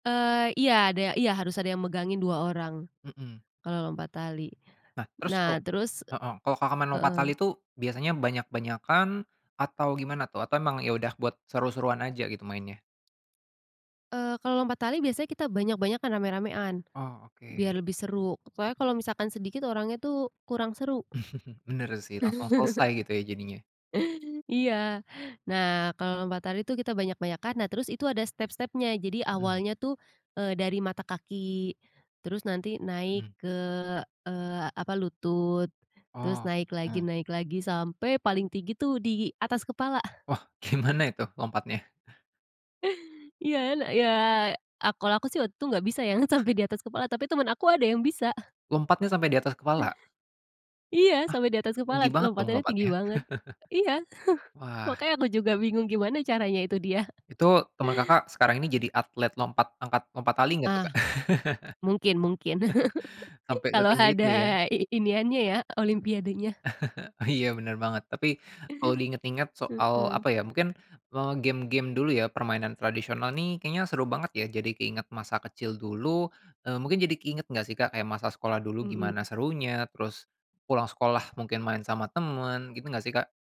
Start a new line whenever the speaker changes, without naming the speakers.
Eee, iya, ada iya, harus ada yang megangin 2 orang,
Mhm.
kalau lompat tali.
Nah, terus
Nah
kok
terus
heeh, kalau, Kakak, main lompat
heeh.
tali tuh, biasanya banyak-banyakan atau gimana tuh? Atau emang ya udah, buat seru-seruan aja gitu mainnya?
Eee, kalau lompat tali biasanya kita banyak-banyakan, rame-ramean,
Oh,
biar
oke.
lebih seru. Soalnya kalau misalkan sedikit orangnya tuh kurang seru.
Benar sih, langsung selesai gitu ya jadinya.
Iya, nah, kalau lompat tali tuh kita banyak-banyakan, nah terus itu ada step-stepnya. Jadi
Mhm.
awalnya tuh, eee, dari mata kaki, terus nanti naik
Mhm.
ke, eee, apa, lutut, terus
Oh,
naik
mhm.
lagi, naik lagi sampai paling tinggi tuh di atas kepala.
Wah, gimana itu lompatnya?
Iya, ne iya ak kalau aku sih waktu itu nggak bisa yang sampai di atas kepala, tapi teman aku ada yang bisa.
Lompatnya sampai di atas kepala?
Iya,
Ah,
sampai di atas kepala,
tinggi banget dong
lompatannya tinggi
lompatnya.
banget iya,
Wah.
makanya aku juga bingung gimana caranya itu dia.
Itu, teman Kakak, sekarang ini jadi atlet lompat angkat lompat tali nggak tuh, Kak?
Ah, mungkin mungkin,
Sampai
kalau
setinggi itu
ada
ya.
i iniannya ya, olimpiadenya.
Oh, iya, benar banget. Tapi, kalau di inget-inget soal
Mhm.
apa ya, mungkin, eee, game-game dulu ya, permainan tradisional nih kayaknya seru banget ya, jadi keinget masa kecil dulu. Eee, mungkin jadi keinget nggak sih, Kak, kayak masa sekolah dulu gimana
Mhm.
serunya, terus pulang sekolah mungkin main sama teman, gitu nggak sih, Kak?